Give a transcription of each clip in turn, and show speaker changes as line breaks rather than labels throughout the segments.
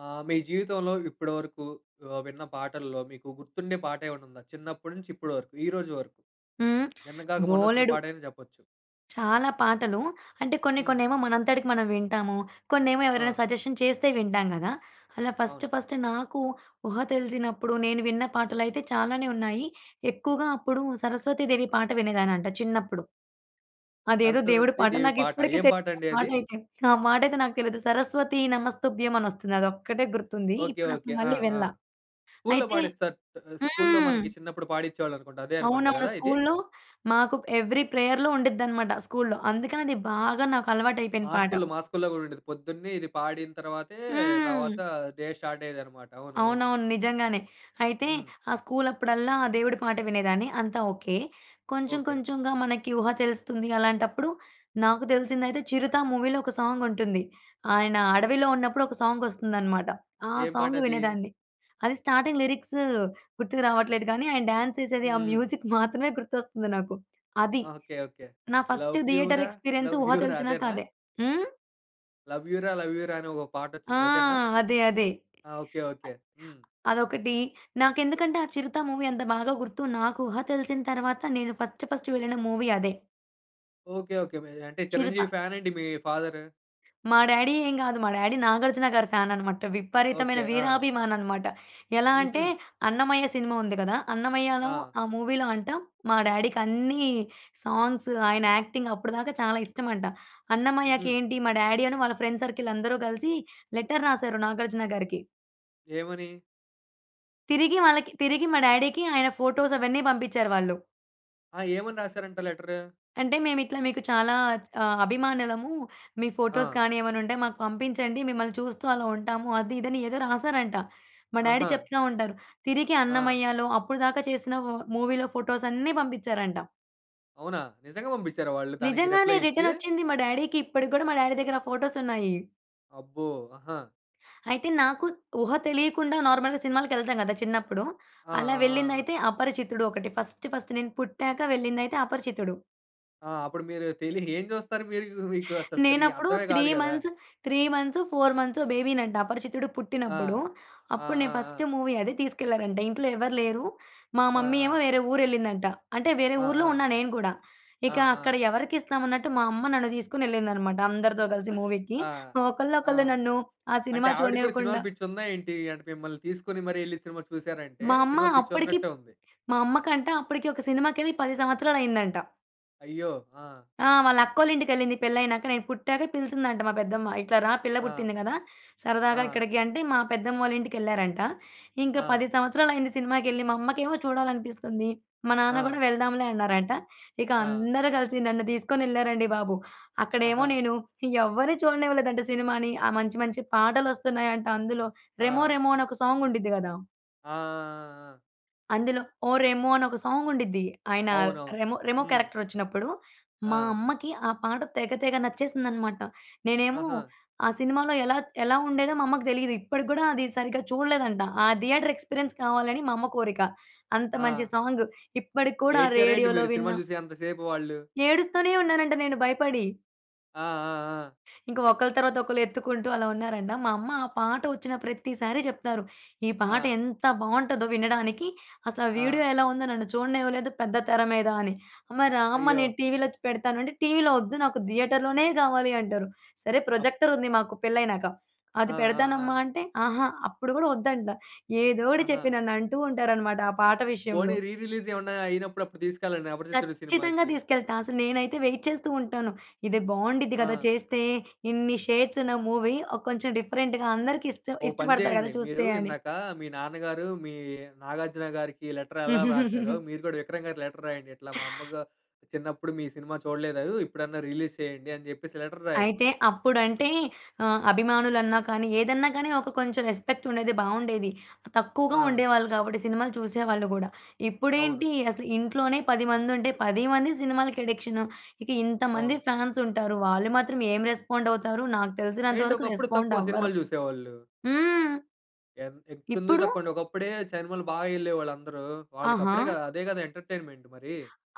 ఆహ్, మీ జీవితంలో ఇప్పటి వరకు ఆహ్, విన్న పాటల్లో మీకు గుర్తుండే పాటేమన్నా ఉందా? చిన్నప్పటి నుంచి ఇప్పటి వరకు, ఈరోజు వరకు?
హ్మ్.
నిన్న గాక మొన్నొచ్చిన
బోలెడు.
పాటైనా చెప్పొచ్చు.
చాలా పాటలు. అంటే కొన్ని
హ్మ్.
కొన్నేమో మనంతటికి మనం వింటాము. కొన్నేమో ఎవరైనా
ఆ!
సజెషన్ చేస్తే వింటాం కదా! అలా ఫస్ట్
అవును.
ఫస్ట్ నాకు ఊహ తెలిసినప్పుడు నేను విన్న పాటలయితే చాలానే ఉన్నాయి. ఎక్కువగా అప్పుడు సరస్వతి దేవి పాట వినేదాన్నంట చిన్నప్పుడు. అదేదో దేవుడి పాట
సరస్వతీదేవి
నాకు
పాట.
ఇప్పటికి
ఏం
తెలీదు
పాట
ఆ
అండి అది?
పాటైతే. ఆ మా టైతే నాకు తెలియదు. సరస్వతి నమస్తుభ్యం అనొస్తుంది. అదొక్కటే గుర్తుంది.
ఓకే.
ఇప్పుడు అసలు
ఓకే. ఆ!
మళ్ళీ
ఆ!
వినల.
స్కూలులో
అయితే
పాడిస్తారు. ఆహ్, స్కూలులో
హ్మ్.
మనకి చిన్నప్పుడు పాడించేవాళ్ళనుకుంటా. అదే అనుకుంటా
అవునవును.
కదా ఇది?
స్కూలులో మాకు ఎవ్రి ప్రేయర్‌లో ఉండిద్దనమాట స్కూలులో. అందుకని అది బాగా నాకు అలవాటైపోయిన
మా
పాట.
స్కూలులో, మా స్కూలులో కూడా ఉండేది. పొద్దున్నే ఇది పాడిన తర్వాతే, తర్వాత
హ్మ్.
డే స్టార్ట్ అయ్యేదన్నమాట. అవునవును.
అవునవును. నిజంగానే. అయితే
హ్మ్.
ఆ స్కూలు అప్పుడల్లా ఆ దేవుడి పాట వినేదాన్ని. అంతా ఓకే. కొంచెం
ఓకే.
కొంచెంగా మనకి ఊహ తెలుస్తుంది అలాంటప్పుడు, నాకు తెలిసిందైతే 'చిరుత' మూవీలో ఒక సాంగ్ ఉంటుంది. ఆయన అడవిలో ఉన్నప్పుడు ఒక సాంగ్ వస్తుందనమాట. ఆ
ఏం పాట
సాంగ్
అది?
వినేదాన్ని. అది స్టార్టింగ్ లిరిక్స్ గుర్తుకు రావట్లేదు గానీ, ఆయన డ్యాన్స్ చేసేది ఆ
హ్మ్.
మ్యూజిక్ మాత్రమే గుర్తొస్తుంది నాకు. అది.
ఓకే. ఓకే.
నా ఫస్ట్
'లవ్ యూ
థియేటర్
రా
ఎక్స్‌పీరియన్స్
లవ్
ఊహ
యూ రా'
తెలిసినాక
అదేనా?
అదే. హ్మ్.
'లవ్ యూ రా! లవ్ యూ రా!' అనే ఒక
ఆ!
పాటొచ్చుద్ది అదేనా?
అదే. అదే.
ఆ! ఓకే. ఓకే. హ్మ్.
అదొకటి. నాకెందుకంటే ఆ 'చిరుత' మూవీ అంత బాగా గుర్తు. నాకు ఊహ తెలిసిన తర్వాత నేను ఫస్ట్ ఫస్ట్ వెళ్ళిన మూవీ అదే.
ఓకే. ఓకే. మే అంటే 'చిరంజీవి'
'చిరుత'.
ఫ్యానేండి మీ ఫాదరు?
మా డాడీ ఏం గాదు. మా డాడీ 'నాగార్జున' గారి ఫ్యానన్నమాట. విపరీతమైన
ఓకే. ఆ!
వీరాభిమాననమాట. ఎలా అంటే
హుహు.
'అన్నమయ్య' సినిమా ఉంది కదా! అన్నమయ్యలో
ఆ!
ఆ మూవీలో అంట మా డాడీకన్ని సాంగ్స్ ఆయన యాక్టింగ్ అప్పటిదాకా చాలా ఇష్టమంట. అన్నమయ్యకి
హుహు.
ఏంటి మా డాడీ అను వాళ్ళ ఫ్రెండ్ సర్కిల్ అందరూ కలిసి లెటర్ రాసారు 'నాగార్జున' గారికి.
ఏమని?
తిరిగి వాళ్ళకి తిరిగి మా డాడీకి ఆయన ఫోటోస్ అవన్నీ పంపించ్చారు వాళ్ళు.
ఆ! ఏమని రాసారంట లెటరు?
అంటే మేమిట్లా మీకు చాలా చ్ ఆహ్, అభిమానులము. మీ ఫోటోస్
ఆ!
కానీ ఏమన్నా ఉంటే మాకు పంపించండి. మిమ్మల్ని చూస్తూ అలా ఉంటాము. అది ఇది అని ఏదో రాసారంట. మా డాడీ
ఆహా!
చెప్తా ఉంటారు. తిరిగి
ఆ!
అన్నమయ్యాలో అప్పుడుదాకా చేసిన వ మూవీలో ఫోటోసన్ని పంపించ్చారంట.
అవునా! నిజంగా బంపించారా వాళ్ళు దానికి
నిజంగానే.
రిప్లై ఇచ్చి?
రిటర్నొచ్చింది. మా డాడీకి ఇప్పటికి కూడా మా డాడీ దగ్గర ఫోటోసున్నాయి.
అబ్బో! ఆహా!
అయితే నాకు ఊహ తెలియకుండా నార్మల్‌గా సినిమాలకి ఎళ్తాం కదా! చిన్నప్పుడు.
ఆ! ఆ!
అలా
ఆ! ఆ!
వెళ్ళిందైతే అపరిచితుడు ఒకటి ఫస్ట్ ఫస్ట్. నేను పుట్టాక వెళ్ళిందైతే అపరిచితుడు.
ఆ! అప్పుడు మీరు తెలి ఏం చూస్తారు మీరు? మీకు అసలు సరి
నేనప్పుడు
అర్థమే
3
గాదు గదా?
మంత్స్ 3 మంత్స్, 4 మంత్సో బేబీనంట అపరిచితుడు
ఆ!
పుట్టినప్పుడు.
ఆ!
అప్పుడు
ఆ!
నేను
ఆ!
ఫస్ట్ మూవీ అది తీసుకెళ్లారంట. ఇంట్లో ఎవరు లేరు. మా
ఆ!
మమ్మీ ఏమో
ఆ!
వేరే ఊరెళ్ళిందంట. అంటే వేరే
ఆ!
ఊర్లో
ఆ!
ఉన్నా నేను కూడా.
ఆ!
ఇక అక్కడ
ఆ!
ఎవరికిస్తాం అన్నట్టు, మా అమ్మ నన్ను తీసుకొనెళ్ళిందనమాట అందరితో కలిసి మూవీకి.
ఆ!
ఆహ్,
ఆ!
ఒకళ్ళనొకళ్ళు నన్ను ఆ
అంటే
సినిమా
ఆవిడకి కూడా సినిమాలు
చూడనివ్వకుండా
పిచ్చుందా ఏంటి? అంటే మిమ్మల్ని తీసుకొని, మరి ఎళ్లి సినిమా చూసారా అంటే,
మా అమ్మ
సినిమా పిచ్చి
అప్పటికి
ఉన్నట్టే ఉంది.
మా అమ్మ కంట అప్పడికి ఒక సినిమాకెళ్ళి 10 సంవత్సరాలైందంట.
అయ్యో! ఆ!
ఆ! వాళ్ళ అక్కోళ్ళ ఇంటికెళ్ళింది పెళ్లైనాక, నేను పుట్టాక పిలిచిందంట మా పెద్దమ్మ. "ఇట్లా రా పిల్ల
ఆ!
పుట్టింది గదా! సరదాగా
ఆ!
ఇక్కడికి" అంటే మా పెద్దమ్మోళ్లింటికెళ్లారంట. ఇంకా
ఆ!
10 సంవత్సరాలైంది సినిమాకెళ్ళి, మా అమ్మకేమో చూడాలనిపిస్తుంది. మా నాన్న గూడా
ఆ!
వెళ్దాంలే అన్నారంట. ఇక
ఆ!
అందరూ కలిసి నన్ను దీసుకొనెళ్లారండి బాబు! అక్కడేమో
ఆహా!
నేను ఎవరిని చూడనివ్వలేదంట సినిమాని. ఆ మంచి, మంచి పాటలొస్తున్నాయంట అందులో. రెమో
ఆ!
రెమో అని ఒక సాంగ్ ఉండిద్ది కదా!
ఆ! ఆ! ఆ! ఆ!
అందులో 'ఓ రెమో' అని ఒక సాంగ్ ఉండిద్ది. ఆయన
అవునవును.
రెమో రెమో
హ్మ్.
క్యారెక్టర్ ఒచ్చినప్పుడు మా
ఆ!
అమ్మకి ఆ పాట తెగ తెగ నచ్చేసిందనమాట. నేనేమో
ఆహా!
ఆ సినిమాలో ఎలా త్ ఎలా ఉండేదో మా అమ్మకి దెలీదు. ఇప్పటికి గూడా అది సరిగ్గా చూడలేదంట. ఆ థియేటర్ ఎక్స్‌పీరియన్స్ కావాలని మా అమ్మ కోరిక. అంత మంచి
ఆ!
సాంగ్ ఇప్పటికి కూడా
ఏడ్చార ఏంటి
రేడియోలో
మీరు సినిమా
విన్నా
జూసే అంత సేపు వాళ్ళు?
ఏడుస్తూనే ఉన్నానంట నేను భయపడి.
ఆ! ఆ! ఆ!
ఇంక ఒకలు తర్వాత ఒకళ్ళు ఎత్తుకుంటూ అలా ఉన్నారంట. మా అమ్మ ఆ పాట ఒచ్చిన ప్రతిసారి జెప్తారు. ఈ పాట
ఆ!
ఎంత బావుంటదో వినడానికి. అసలు ఆ
ఆ!
వీడియో ఎలా ఉందో నన్ను చూడనివ్వలేదు పెద్ద తెర మీద అని. అమ్మ, రా అమ్మ!
అయ్యో!
నేను టీవీలో చ్ పెడతాను అంటే టీవీలో ఒద్దు నాకు థియేటర్‌లోనే గావాలి అంటరు. సరే
అప్
ప్రొజెక్టర్
ఎ
ఉంది మాకు పెళ్లయినాక.
ఆ!
అది
ఆ!
పెడతానమ్మా!
ఆ!
అంటే అహా! అప్పుడు గూడా ఒద్దంట. ఏదోటి చెప్పి
ఆహా!
నన్ను అంటూ ఉంటారనమాట ఆ పాట
పోనీ
విషయంలో.
రీ రిలీజ్ ఏమన్నా అయినప్పుడు అప్పుడు తీసుకెళ్ళండి. 'అపరిచితుడు'
కచ్చితంగా
సినిమాకి.
తీసుకెళ్తా. అసలు నేనైతే వైట్ చేస్తూ ఉంటాను. ఇది బావుండిద్ది గదా
ఆ!
చేస్తే! ఇన్ని షేడ్స్ ఉన్న మూవీ ఒ కొంచెం డిఫరెంట్‌గా అందరికి ఇష్ట
ఓ పని
ఇష్టపడతారు
జెయండి.
గదా
మీరు
చూస్తే అని.
ఇందాక మీ నాన్నగారు మీ 'నాగార్జున' గారికి లెటర్ ఎలా రాసారో మీరు గూడా 'విక్రమ్' గారికి లెటర్ రాయండి. ఇట్లా మా అమ్మ గా చిన్నప్పుడు మీ సినిమా చూడలేదు. ఇప్పుడన్నా రిలీజ్ చేయండి అని జెప్పేసి లెటర్ రాయండి.
అయితే అప్పుడంటే ఆహ్, అభిమానులన్నా కానీ, ఏదన్నా గానీ ఒక కొంచెం రెస్పెక్ట్ ఉండేది. బాగుండేది. తక్కువగా
ఆ!
ఉండేవాళ్ళు గాబట్టి సినిమాలు చూసేవాళ్ళు గూడా.
అవును.
ఇప్పుడేంటి? అసలు ఇంట్లోనే 10 మంది ఉంటే 10 మంది సినిమాలకి అడిక్షను. ఇక ఇంతమంది
అవును.
ఫ్యాన్స్ ఉంటారు. వాళ్ళు మాత్రం ఏం రెస్పాండ్ అవుతారు? నాకు తెలిసినంత
ఏంటి
వరకు
ఒకప్పుడు
రెస్పాండ్
తక్కువ
అవ్వరు.
సినిమాలు జూసేవాళ్ళు?
హ్మ్.
ఎన్ ఎక్ ఎందుకు
ఇప్పుడు?
తక్కువండి? ఒకప్పుడే సినిమాలు బాగా ఎళ్ళేవాళ్ళు అందరూ.
ఆహా!
వాళ్ళకప్పుడేగా అదే గదా ఎంటర్‌టైన్‌మెంట్ మరి!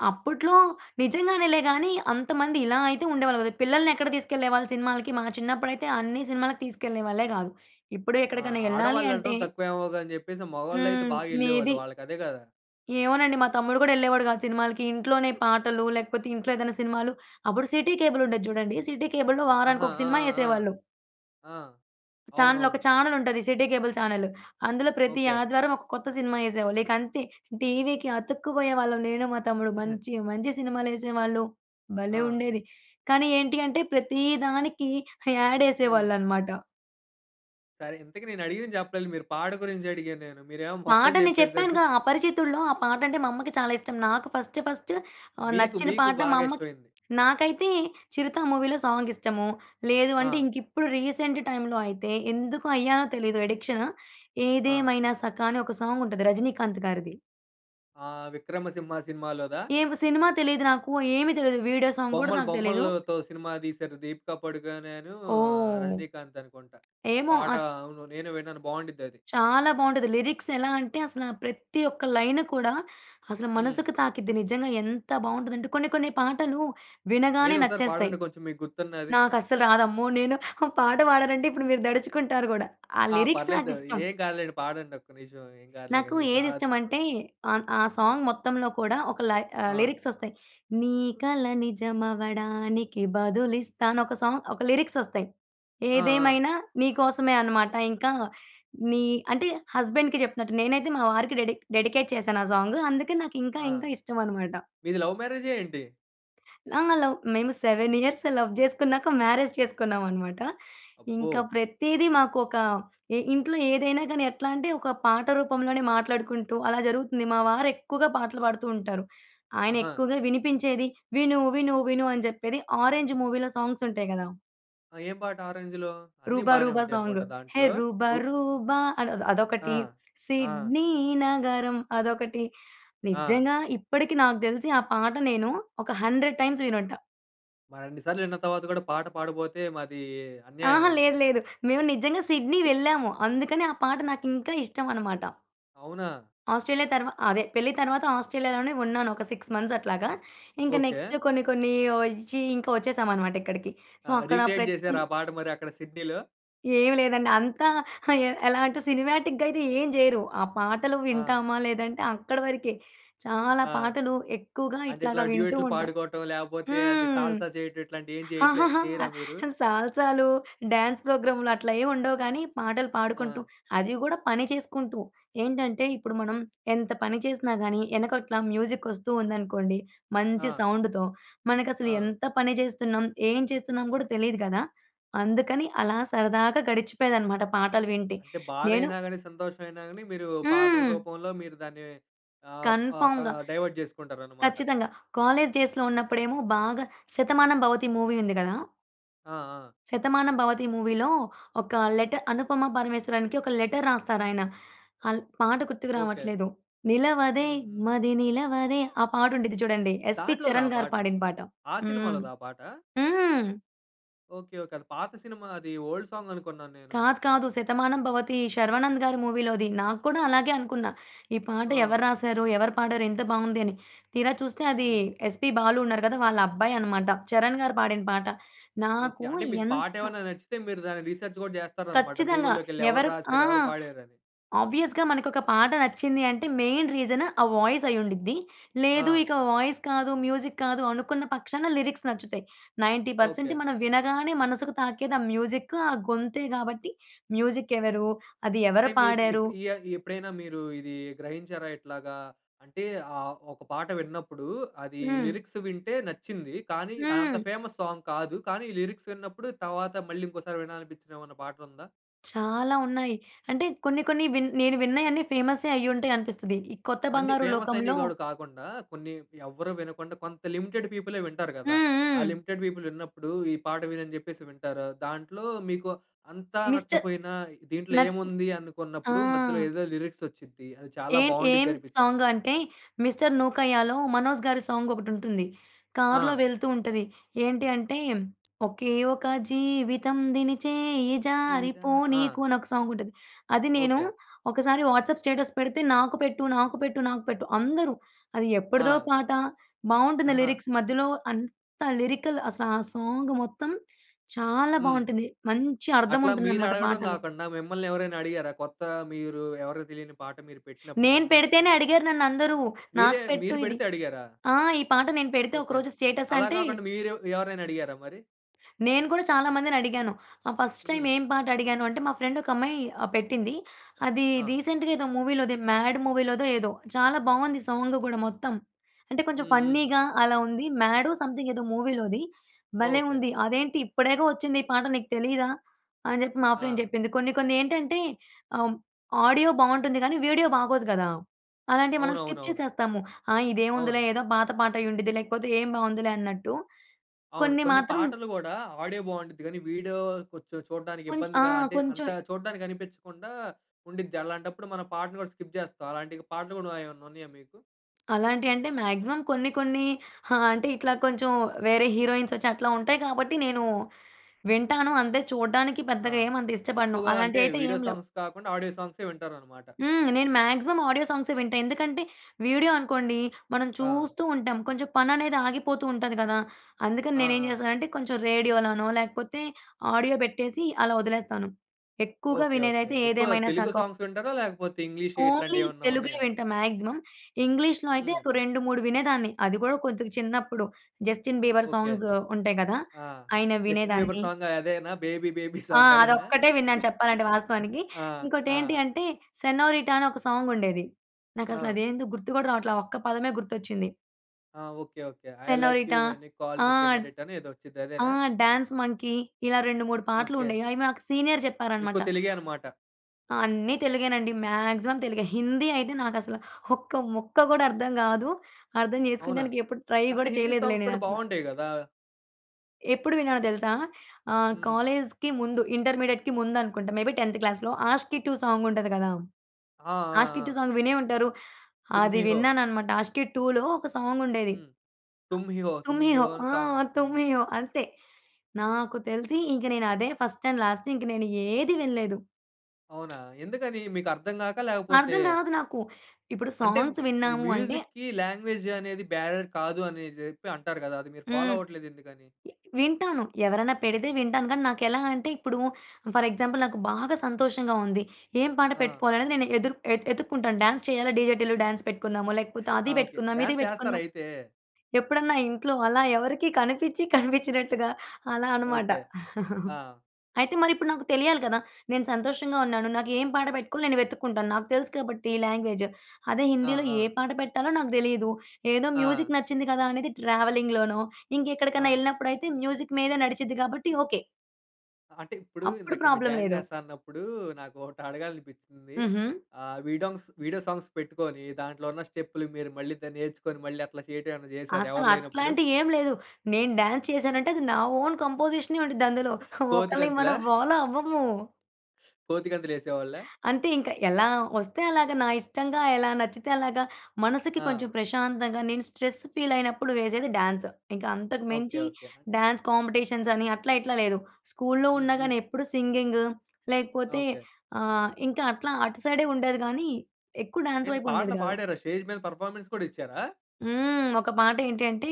అప్పట్లో నిజంగానేలే గాని అంత మంది ఇలా అయితే ఉండేవాళ్ళు గాదు. పిల్లల్నెక్కడ తీసుకెళ్ళేవాళ్ళు సినిమాలకి? మా చిన్నప్పుడైతే అన్ని సినిమాలకి తీసుకెళ్ళే వాళ్ళే గాదు. ఇప్పుడు
ఆ!
ఎక్కడికైనా ఎళ్ళాలి అంటే
ఆడవాళ్లెళ్లటం తక్కువేమోగాని జెప్పేసి మగవాళ్ళైతే
హ్మ్.
బాగా
మే
ఎళ్ళేవాళ్ళు.
బీ.
వాళ్ళకదే గదా!
ఏమోనండి. మా తమ్ముడు గూడా ఎళ్ళేవాడు గాదు సినిమాలకి. ఇంట్లోనే పాటలు లేకపోతే ఇంట్లో ఏదైనా సినిమాలు అప్పుడు సిటీ కేబుల్ ఉండేది జూడండి. సిటీ కేబుల్‌లో వారానికి
ఆహా!
ఒక
ఆ!
సినిమా
ఆ!
ఎసేవాళ్ళు.
ఆ! ఆ!
చానెల్, ఒక
అవునవును.
చానెల్ ఉంటది సిటీ కేబుల్ చానెలు. అందులో ప్రతి
ఓకే.
ఆదివారం ఒక కొత్త సినిమా ఎసేవాళ్ళు ఇకంతే. టీవీకి అతుక్కుబోయేవాళ్ళం నేను మా తమ్ముడు. మంచి మంచి సినిమాలు ఎసేవాళ్ళు. భలే
ఆ!
ఉండేది! కానీ ఏంటి అంటే ప్రతి దానికి యాడ్
హ్మ్.
ఎసేవాళ్ళన్నమాట.
సరే ఇంతకి నేనడిగింది జెప్పలేదు మీరు. పాడ గురించి అడిగాను నేను మీరేమో మొత్తం
పాటని
జెప్పేసారు.
చెప్పానుగా అపరిచితుడులో ఆ పాట అంటే మా అమ్మకి చాలా ఇష్టం నాకు ఫస్ట్, ఫస్ట్ ఆహ్,
మీకు
నచ్చిన
మీకు
పాట మా
బాగా
అమ్మకి
ఇష్టమయింది?
నాకైతే చిరుత మూవీ‌లో సాంగ్ ఇష్టము. లేదు అంటే
ఆ!
ఇంకిప్పుడు రీసెంట్ టైమ్‌లో అయితే ఎందుకు అయ్యానో తెలీదు అడిక్షను.
ఆ!
ఏదేమైనా సఖ అని ఒక సాంగ్ ఉంటది రజినీకాంత్ గారిది.
ఆహ్ విక్రమ సింహ సినిమాలోదా?
ఏం సినిమా తెలీదు నాకు. ఏమి తెలీదు. వీడియో సాంగ్ కూడా
బొమ్మలు
నాకు తెలీదు.
బొమ్మలతో సినిమా దీశారు దీపిక పడుకొనే అను, ఆహ్
ఓహ్!
రజినీకాంత్ అనుకుంట.
ఏమో!
పాట
ఆ స
అవును. నేను విన్నాను. బాగుండిద్దది.
చాలా బాగుంటది. లిరిక్స్ ఎలా అంటే, అసల ప్రతి ఒక్క లైను కూడా అసలు
హ్మ్.
మనసుకు తాకిద్ది. నిజంగా ఎంత బాగుంటదంటే, కొన్ని కొన్ని పాటలు వినగానే
ఏదో ఒకసారి
నచ్చేస్తాయి.
పాడండి కొంచెం మీకు గుర్తున్నది.
నాకు అస్సలు రాదమ్మో! నేను పాట పాడానంటే ఇప్పుడు మీరు దడుచుకుంటారు గూడా. ఆ
ఆ!
లిరిక్స్
పర్లేదు.
నాకిష్టం.
ఏం కాదులెండి. పాడండి ఒక్క నిమిషం. ఏం కాదులే
నాకు
గాని మీకు. అద్
ఏదిష్టం అంటే, అన్ ఆ సాంగ్ మొత్తంలో కూడా ఒక లై ఆహ్,
ఆ!
లిరిక్స్ ఒస్తాయి. నీ కల నిజం అవ్వడానికి బదులిస్తా! అని ఒక సాంగ్ ఒక లిరిక్స్ ఒస్తాయి.
ఆ! ఆ!
ఏదేమైనా నీకోసమే అన్నమాట ఇంకా నీ అంటే హస్బెండ్‌కి చెప్తునట్టు. నేనైతే మా వారికి డెడిక్ డెడికేట్ చేశాను ఆ సాంగు. అందుకే నాకింకా
ఆ!
ఇంకా ఇష్టం అన్నమాట.
మీది లవ్ మ్యారేజా ఏంటి?
ఆ! లవ్ మేము 7 ఇయర్స్ లవ్ జేసుకున్నాక మ్యారేజ్ చేసుకున్నామనమాట.
అబ్బో!
ఇంకా ప్రతీదీ మాకొక ఇ ఇంట్లో ఏదైనా గాని ఎట్లా అంటే ఒక పాట రూపంలోనే మాట్లాడుకుంటూ అలా జరుగుతుంది. మా వారెక్కువగా పాటలు పాడుతూ ఉంటారు.
ఆహా!
ఆయనెక్కువగా వినిపించేది విను విను విను అని చెప్పేది 'ఆరెంజ్' మూవీలో సాంగ్సుటాయి గదా!
ఏం పాట 'ఆరెంజ్‌లో?' అన్నీ
'రూబ
బానే
రూబా'
ఉంటాయి
సాంగు.
అనుకుంటా
హే
దాంట్లో.
రూబ
రో
రూబా అద్
ఆ!
అదొకటి.
ఆ!
సిడ్నీ నగరం అదొకటి.
ఆ!
నిజంగా ఇప్పటికి నాకు దెలిసి ఆ పాట నేను ఒక 100 టైమ్స్ వినుంటా.
మరిన్ని సార్లిన్న తరువాత గూడా పాట పాడబోతే మాది అన్యాయం
అహా!
అండి.
లేదు. లేదు. మేము నిజంగా సిడ్నీ వెళ్ళాము. అందుకని ఆ పాట నాకు ఇంకా ఇష్టమన్నమాట.
అవునా!
ఆస్ట్రేలియా తరువా అదే పెళ్లి తరువాత ఆస్ట్రేలియాలోనే ఉన్నాను. ఒక 6 మంత్స్ అట్లాగా. ఇంకా
ఓకే.
నెక్స్ట్ కొన్ని కొన్ని ఒచ్చి ఇంకా వచ్చేసామన్నమాట ఇక్కడికి.
ఆ!
సో, అక్కడ
రీక్రియేట్
ప్రతి
జేసారా? ఆ పాట మరి అక్కడ సిడ్నీలో?
ఏమి లేదండి. అంతా ఎలాంటి సినిమాటిక్‌గా అయితే ఏం జేయరు. ఆ పాటలు
ఆ!
వింటామా లేదంటే అక్కడి వరకే. చాలా
ఆ!
పాటలు ఎక్కువగా
అంటే ఇట్లా
ఇట్లాగా వింటూ
డ్యూయెట్‌లు
ఉంటాం.
పాడుకోవటం లేకపోతే అది
హ్మ్.
సాల్సా చేయటం ఇట్లాంటివి ఏం చేయట్లే
ఆహాహా!
చెయ్యరా మీరు?
సాల్సాలు డ్యాన్స్ ప్రోగ్రాములు అట్లా ఏమి ఉండవు కానీ పాటలు పాడుకుంటూ
ఆ!
అది కూడా పని చేసుకుంటూ. ఏంటంటే ఇప్పుడు మనం ఎంత పని చేసినా గానీ, వెనకట్ల మ్యూజిక్ ఒస్తూ ఉందనుకోండి మంచి
ఆ!
సౌండ్‌తో. మనకసలు
ఆ!
ఎంత పని జేస్తున్నాం? ఏం చేస్తున్నాం కూడా తెలీదు గదా! అందుకని అలా సరదాగా గడిచిపోయేదనమాట పాటలు వింటే.
అంటే
నేను
బాధైయినా గాని, సంతోషమైయినా గాని మీరు పాటల
హ్మ్.
రూపంలో మీరు దాన్ని ఆహ్, ప క
కన్ఫర్మ్‌గా.
డైవర్ట్ చేసుకుంటారన్నమాట.
ఖచ్చితంగా. కాలేజీ డేస్‌లో ఉన్నప్పుడేమో బాగా 'శతమానం భవతి' మూవీ ఉంది గదా!
ఆ! ఆ!
శతమానం భవతి మూవీలో, ఒక లెట అనుపమ పరమేశ్వరానికి ఒక లెటర్ రాస్తారాయన. అల్ పాట గుర్తుకు
ఓకే.
రావట్లేదు. నిలవదే
హ్మ్. హ్మ్.
మది నిలవదే! ఆ పాట ఉండిద్ది చూడండి. 'ఎస్‌పీ
దాంట్లోదా ఆ
చరణ్ గారు'
పాట?
పాడిన పాట.
ఆ
హ్మ్.
సినిమాలోదా ఆ పాటా?
హ్మ్.
ఓకే. ఓకే. అది పాత సినిమా అది ఓల్డ్ సాంగ్ అనుకున్నాను నేను.
కాదు. కాదు. శతమానం భవతి శర్వానంద్ గారి మూవీలోది. నాకు కూడా అలాగే అనుకున్న. ఈ పాట ఎవరు
ఆ!
రాసారు? ఎవరు పాడారు? ఎంత బాగుంది! అని. తీరా చూస్తే అది
హ్మ్.
ఎస్‌పీ బాలు ఉన్నారు కదా! వాళ్ళబ్బాయి అన్నమాట. చరణ్ గారు పాడిన పాట.
ఓకే.
నాకు
అంటే మీకు
ఎంత
పాటేమైనా నచ్చితే మీరు దాన్ని రిసర్చ్ గూడా చేస్తారన్నమాట.
ఖచ్చితంగా!
గూగుల్‌లోకేళ్లి ఎవరు
ఎవరు ఆ!
రాసారు? ఎవరు పాడారని?
ఆబ్వియస్‌గా మనకొక పాట నచ్చింది అంటే, మెయిన్ రీజను, ఆ వాయిస్ అయ్యుండిద్ది. లేదు
ఆ!
ఇక వాయిస్ కాదు మ్యూజిక్ కాదు, అనుకున్న పక్షాన లిరిక్స్ నచ్చుతాయి. 90%
ఓకే.
మనం వినగానే మనసుకు తాకేది ఆ మ్యూజిక్, ఆ గొంతే కాబట్టి, మ్యూజిక్ ఎవరు? అది
అంటే
ఎవరు
మీకు
పాడారు?
ఇప్పు ఇ యా ఎప్పుడైనా మీరు ఇది గ్రహించారా? ఇట్లాగా అంటే ఆహ్, ఒక పాట విన్నప్పుడు అది
హ్మ్.
లిరిక్స్ వింటే నచ్చింది. కానీ, అదంత
హ్మ్.
ఫేమస్ సాంగ్ కాదు. కానీ, ఈ లిరిక్స్ విన్నప్పుడు తర్వాత మళ్ళీ ఇంకోసారి వినాలనిపించిన ఏమన్నా పాటుందా?
చాలా ఉన్నాయి. అంటే కొన్ని కొన్ని విన్ నేను విన్నయన్ని ఫేమస్సే అయ్యుంటాయనిపిస్తది. ఈ కొత్త
అండి,
బంగారు
ఫేమస్ అయినవి
లోకంలో
గూడ కాకుండా, కొన్ని ఎవ్వరు వినకుండా కొంత లిమిటెడ్ పీపులే వింటారు గదా!
హ్మ్.
ఆ
హ్మ్.
లిమిటెడ్ పీపుల్ విన్నప్పుడు "ఈ పాట విను" అని చెప్పేసి వింటారు. దాంట్లో మీకు అంతా
మిస్టర్
నచ్చపోయినా దీంట్లో
నత్
ఏముంది?
ఆ!
అనుకున్నప్పుడు మధ్యలో ఏదో లిరిక్స్ ఒచ్చుద్ది. అది చాలా
ఏం
బావుండ్డిద్ది
ఏం
అనిపిచ్చిద్ది.
సాంగ్ అంటే 'మిస్టర్ నూకయ్యాలో' మనోజ్ గారి సాంగ్ ఒకటుంటుంది. కార్‌లో
ఆ!
వెళ్తూ ఉంటది. ఏంటి అంటే ఒకే ఒక జీవితం దినిచేయి జారి
ఇదా! ఆ!
పోనీకు! అని ఒక సాంగ్ ఉంటది. అది నేను
ఓకే.
ఒకసారి వాట్సాప్ స్టేటస్ పెడితే "నాకు పెట్టు. నాకు పెట్టు. నాకు పెట్టు." అందరూ అది ఎప్పుడిదో
ఆ!
పాట. బాగుంటుంది
ఆహా!
లిరిక్స్. మధ్యలో అంత లిరికల్ అసలు ఆ సాంగ్ మొత్తం చాలా
హ్మ్.
బాగుంటుంది. మంచి అర్థం
అట్లా మీరు
ఉంటుందనమాట
అడగడం
పాటలో.
గాకుండా, మిమ్మల్నెవరైనా అడిగారా? కొత్త మీరు ఎవరికీ తెలియని పాట మీరు పెట్టినప్పుడు
నేను
మిమ్మల్ని ఆ!
పెడితేనే అడిగారు నన్నందరూ.
మీరే
"నాకు పెట్టు
మీరు
ఇది"
పెడితే అడిగారా?
ఆ! ఈ పాట నేను పెడితే
ఓకే.
ఒకరోజు స్టేటస్
అలా
అంటే
కాకుండా మీరు ఎవరినైనా అడిగారా మరి?
నేను కూడా చాలా మందినడిగాను. ఆహ్, ఫస్ట్ టైమ్
హ్మ్.
ఏం పాట అడిగాను అంటే మా ఫ్రెండ్ ఒక అమ్మాయి ఆహ్, పెట్టింది. అదిది
ఆ!
రీసెంట్‌గా ఏదో మూవీలో 'మాడ్' మూవీ‌లోదో ఏదో. చాలా బాగుంది సాంగ్ గూడా మొత్తం. అంటే కొంచెం
హ్మ్. హ్మ్.
ఫన్నీగా, అలా ఉంది. మ్యాడో సమ్‌థింగ్ ఏదో మూవీలోది. భలే
ఓకే.
ఉంది! "అదేంటి? ఇప్పుడేగా ఒచ్చింది ఈ పాట. నీకు తెలీదా?" అని జెప్పి మా ఫ్రెండ్
ఆ!
జెప్పింది. కొన్ని కొన్ని ఏంటంటే, ఆహ్, ఆడియో బాగుంటుంది కానీ వీడియో బాగోదు కదా! అలాంటివి మనం స్కిప్
అవునవునవును.
చేసేస్తాము. ఆ! ఇదేముందిలే,
అవును.
ఏదో పాత పాటయ్యుండిద్ది. లేకపోతే ఏం బాగుందిలే అన్నట్టు.
అవును.
కొన్ని
కొన్ని
మాత్రం
పాటలు కూడా ఆడియో బావుండ్డిద్ది గాని, వీడియో కొంచెం చూడ్డానికి
కొంచ్ ఆ!
ఇబ్బందిగా, అంటే
కొంచెం
అంత చూడ్డానికి అనిపించకుండా ఉండిద్ది. అలాంటప్పుడు మనం పాటను కూడా స్కిప్ జేస్తాం. అలాంటి పాటలు కూడా ఏమన్నా ఉన్నాయా మీకు?
అలాంటియంటే మాక్సిమం కొన్ని కొన్ని ఆ! అంటే ఇట్లా కొంచెం వేరే హీరోయిన్స్ ఒచ్చి అట్లా ఉంటాయి కాబట్టి నేను వింటాను. అంతే చూడ్డానికి
ఆ!
పెద్దగా ఏమంత ఇష్టపడను.
ఎక్కువగా అంటే,
అలాంటియైతే
వీడియో
ఏం లేవు.
సాంగ్స్ కాకుండా ఆడియో సాంగ్సే వింటారన్నమాట.
హ్మ్. నేను మాక్సిమం ఆడియో సాంగ్సే వింటా. ఎందుకంటే వీడియో అనుకోండి మనం
ఆ!
చూస్తూ ఉంటాం. కొంచెం పననేది ఆగిపోతూ ఉంటది గదా! అందుకని
ఆ!
నేనేం
ఆ!
జేస్తానంటే కొంచెం రేడియో‌లనో, లేకపోతే ఆడియో పెట్టేసి అలా వదిలేస్తాను. ఎక్కువగా
ఓకే. ఓకే.
వినేదైతే
ఎక్కువ
ఏదేమైనా
తెలుగు
సక
సాంగ్స్ వింటారా? లేకపోతే ఇంగ్లీష్,
ఓన్లీ
ఇట్లాంటివి ఏవన్నా
తెలుగే
ఉన్నాయా?
వింటా మాక్సిమం. ఇంగ్లీష్‌‌లో అయితే
హ్మ్.
ఒక 2, 3 వినేదాన్ని. అది కూడా కొద్దిగా చిన్నప్పుడు. 'Justin Bieber'
okay.
సాంగ్స్ ఉంటాయి గదా!
ఆ!
ఆయనవి
'జస్టిన్ బీబర్'
వినేదాన్ని.
సాంగ్ అదేనా? 'బేబీ బేబీ
ఆ!
సాంగ్' అదేనా?
అదోక్కటే విన్నాను చెప్పాలంటే వాస్తవానికి.
ఆ!
ఇంకోటి
ఆ!
ఏంటి అంటే 'సేనోరిటా' అని ఒక సాంగ్ ఉండేది. నాకసలు
ఆ!
అదేందో గుర్తు కూడా రావట్ల. ఒక్క పదమే గుర్తొచ్చింది.
ఆ! Okay. Okay. 'I like you
'senorita'.
When you call me
ah,
senorita!' అని ఏదో వచ్చుద్ది
ఆ!
అదేనా?
Dance monkey. ఇలా 2, 3 పాటలు
ఓకే.
ఉండేవి, అవి మాకు సీనియర్ చెప్పారన్నమాట.
ఎక్కువ తెలుగే అన్నమాట.
ఆ! అన్నీ తెలుగేనండి. మాక్సిమం తెలుగే. హిందీ అయితే నాకసలు ఒక్క ముక్క కూడా అర్థం గాదు. అర్థం
అవునా?
జేసుకోనడానికి ఎప్పుడు ట్రై
కానీ
కూడా
హిందీ
చేయలేదులే
సాంగ్స్ కూడా
నేనసల.
బాగుంటాయి గదా?
ఎప్పుడు విన్నానో దెలుసా? ఆహ్,
హ్మ్.
కాలేజీకి ముందు. ఇంటర్మీడియేట్‌కి ముందనుకుంటా. మే బి 10థ్ క్లాస్‌లో. 'ఆషికి 2' సాంగుంటది గదా!
ఆ! ఆ!
'ఆస్కీ
ఆ!
2' సాంగ్ వినే ఉంటారు. అది
'తుమ్‌హిహో'.
విన్నానన్నమాట. 'ఆస్కీ 2'లో ఒక సాంగుండేది.
హ్మ్.
ఆ
'తుమ్‌హిహో'.
'తుమ్‌హిహో'
'తుమ్‌హిహో' అనే
ఆ!
సాంగ్ హ్మ్.
'తుమ్‌హిహో' అంతే. నాకు తెలిసి ఇగ నేను, అదే ఫస్ట్ అండ్ లాస్ట్. ఇంక నేను ఏదీ వినలేదు.
అవునా! ఎందుకని? మీకు అర్థం గాక లేకపోతే
అర్థం గాదు నాకు. ఇప్పుడు
అంటే
సాంగ్స్
మ్
విన్నాము అంటే
మ్యూజిక్‌కి లాంగ్వేజనేది, బ్యారర్ కాదు అని జేప్పి అంటారు గదా! అది మీరు ఫాలో
హ్మ్.
అవ్వట్లేదు ఎందుకని?
ఎ వింటాను. ఎవరన్నా పెడితే వింటాను కాని, నాకెలాంటే ఇప్పుడు, ఫర్ ఎగ్జాంపుల్ నాకు బాగా సంతోషంగా ఉంది. ఏం పాట
ఆ!
పెట్టుకోవాలి అనేది నేను ఎదుర్ ఎతు ఎతుక్కుంటాను. డాన్స్ చేయాలా? 'డీజే టీల్లు' డాన్స్ పెట్టుకుందాము, లేకపోతే
ఆ!
అది
ఓకే.
పెట్టుకుందాం, ఇది
డాన్స్ చేస్తారా
పెట్టుకుందాం.
అయితే?
ఎప్పుడన్నా ఇంట్లో అలా ఎవరికి కనిపచ్చి, కనిపించినట్టుగా అలానమాట.
ఓకే. ఆ!
అయితే మరిప్పుడు నాకు తెలియాలి కదా! నేను సంతోషంగా ఉన్నాను. నాకు ఏం పాట పెట్టుకోవాలి, నేను వెతుక్కుంటాను. నాకు తెలుసు కాబట్టి లాంగ్వేజు. అదే
ఆ!
హిందిలో, ఏ
ఆ!
పాట పెట్టాలో నాకు దెలీదు. ఏదో
ఆ!
మ్యూజిక్ నచ్చింది గదా! అనేది ట్రావెలింగ్‌లోనో, ఇంకక్కడికన్నా
ఆ!
ఎళ్ళినప్పుడయితే? మ్యూజిక్ మీద నడిచిద్ది గాబట్టి ఓకే.
అంటే ఇప్పుడు
అప్పుడు
ఇందాక మీరు
ప్రాబ్లమ్
డ్యాన్సు
లేదు.
చేస్తా అన్నప్పుడు, నాకు ఒకటి అడగాలనిపించింది.
హుహు.
ఆహ్, వీడొంగ్స్ వీడియో సాంగ్స్ పెట్టుకొని, దాంట్లో ఉన్న స్టెప్పులు మీరు మళ్ళీ దాన్ని నేర్చుకొని, మళ్ళీ అట్లా చేయటం ఏమైనా చేసారా
అసల
ఎవరు లేనప్పుడు?
అట్లాంటియి ఏం లేదు. నేను డ్యాన్సు చేశానంటే, అది నా ఓన్ కంపోజిషనే ఉండిద్దందులో.
కోతి
ఒకళ్ళయి
గంతులా?
మనం ఫాలో అవ్వము.
కోతిగంతులు వేసేవాళ్ళ?
అంటే ఇంకా, ఎలా వస్తే అలాగా, నా ఇష్టంగా ఎలా నచ్చితే అలాగా. మనసుకి
ఆ!
కొంచెం ప్రశాంతంగా నేను స్ట్రెస్ ఫీలైనప్పుడు వేసేది డ్యాన్సు. ఇంకా అంతకు
ఓకే.
మించి
ఓకే. ఆ!
డ్యాన్స్ కాంపిటీషన్స్ అని, అట్లా ఇట్లా లేదు. స్కూలులో
హ్మ్.
ఉన్నా
హ్మ్.
గాని ఎప్పుడు సింగింగు లేకపోతే
ఓకే.
ఆహ్, ఇంకా అట్లా అటు సైడే ఉండేది కానీ, ఎక్కువ డ్యాన్సు
ఏంటి
వైపు ఉండేది
పాటలు
కాదు.
పాడారా? స్టేజ్ మీద పర్‌ఫార్మెన్స్ కూడా ఇచ్చారా?
హ్మ్. ఒక పాటేంటి అంటే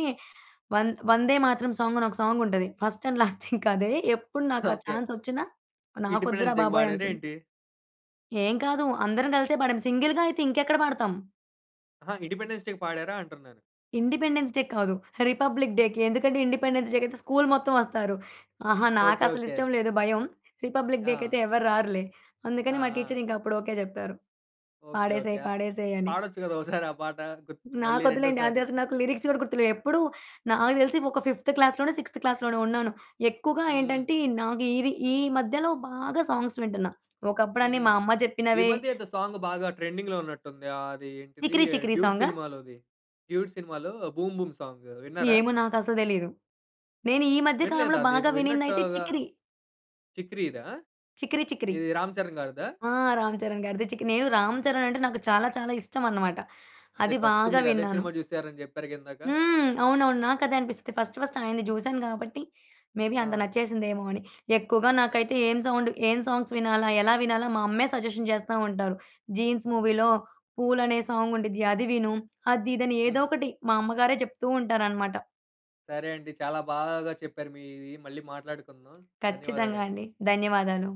'వం వందేమాతరం' సాంగ్ అని ఒక సాంగ్ ఉంటది. ఫస్ట్ అండ్ లాస్ట్ ఇంకా అదే. ఎప్పుడు నాకు ఆ
ఓకే.
ఛాన్స్ వచ్చినా, నాకు వద్దురా
ఇండిపెండెన్స్ డేకి
బాబోయ్!
పాడారా
అనుకున్నా.
ఏంటి?
ఏం కాదు. అందరం కలిసే పాడాం. సింగిల్‌గా అయితే ఇంకెక్కడ పాడతాం.
అహా! ఇండిపెండెన్స్ డేకి పాడారా? అంటున్నాను.
ఇండిపెండెన్స్ డే కాదు. రిపబ్లిక్ డేకి. ఎందుకంటే, ఇండిపెండెన్స్ డేకి అయితే స్కూలు మొత్తం వస్తారు. ఆహా! నాకు
ఓకే.
అసలు
ఓకే.
ఇష్టం లేదు భయం. రిపబ్లిక్ డేకి
ఆ!
అయితే ఎవరు రారులే.
ఆ!
అందుకని, మా
ఆ!
టీచరు అప్పుడు ఓకే చెప్పారు.
ఓకే. ఓకే.
"పాడేసేయి.
ఆహ్
పాడేసేయి" అని.
పాడొచ్చు కదా! ఒసారి ఆ పాట. గు మళ్ళీ
నాకొద్దులేండి. అది
రెండోసారి.
అసలు నాకు లిరిక్స్ కూడా గుర్తులేవు. ఎప్పుడు, నాకు తెలిసి ఒక ఫిఫ్త్ క్లాస్‌లోనో, సిక్స్‌త్ క్లాస్‌లోనో ఉన్నాను. ఎక్కువగా
హ్మ్. హ్మ్.
ఏంటంటే, నాకు ఈ రి ఈ మధ్యలో బాగా సాంగ్స్ వింటన్నా. ఒకప్పుడు
హ్మ్.
అన్నీ
హ్మ్.
మా అమ్మ
ఈ
చెప్పినవే
మధ్యేదో సాంగ్ బాగా ట్రెండింగ్‌లో ఉన్నట్టుంది. అది ఏంటిది
'చికిరి చికిరి'
'డ్యూడ్'
సాంగా?
సినిమాలోది. 'డ్యూడ్' సినిమాలో 'బూమ్ బూమ్' సాంగు. విన్నారా?
ఏమో, నాకసలు తెలీదు. నేను ఈ మధ్య కాలంలో
వినలేదా అది?
బాగా వినింది అయితే
విన్నట్టుగా
'చికిరి'
'చికిరిదా?'
'చికిరి చికిరి.'
ఇది 'రామ్ చరణ్' గారిదా?
ఆ! 'రామ్ చరణ్' గారిది చికి నేను 'రామ్
హ్మ్.
చరణ్' అంటే నాకు చాలా చాలా ఇష్టం అనమాట.
అదే
అది
ఫస్ట్
బాగా
మీరదే
విన్నాను.
సినిమా చూసారని చెప్పారుగా ఇందాక.
హ్మ్. అవునవును. నాకదే అనిపిస్తది. ఫస్ట్ ఫస్ట్ ఆయనది చూశాను కాబట్టి, మే బీ అంత
ఆ!
నచ్చేసిందేమో అని. ఎక్కువగా
ఐ
నాకైతే ఏం సౌండ్ ఏం సాంగ్స్ వినాలా, ఎలా వినాలా, మా అమ్మే సజెషన్ చేస్తా ఉంటారు. "'జీన్స్' మూవీలో 'పూలు' అనే సాంగ్ ఉండిద్ది. అది విను." అది ఇది అని ఏదో
హ్మ్.
ఒకటి మా అమ్మగారే చెప్తుంటారనమాట.
సరే అండి. చాలా బాగా చెప్పారు మీది. మళ్ళీ మాట్లాడుకుందాం.
ఖచ్చితంగా
ధన్యవాదాలండి.
అండి. ధన్యవాదాలు.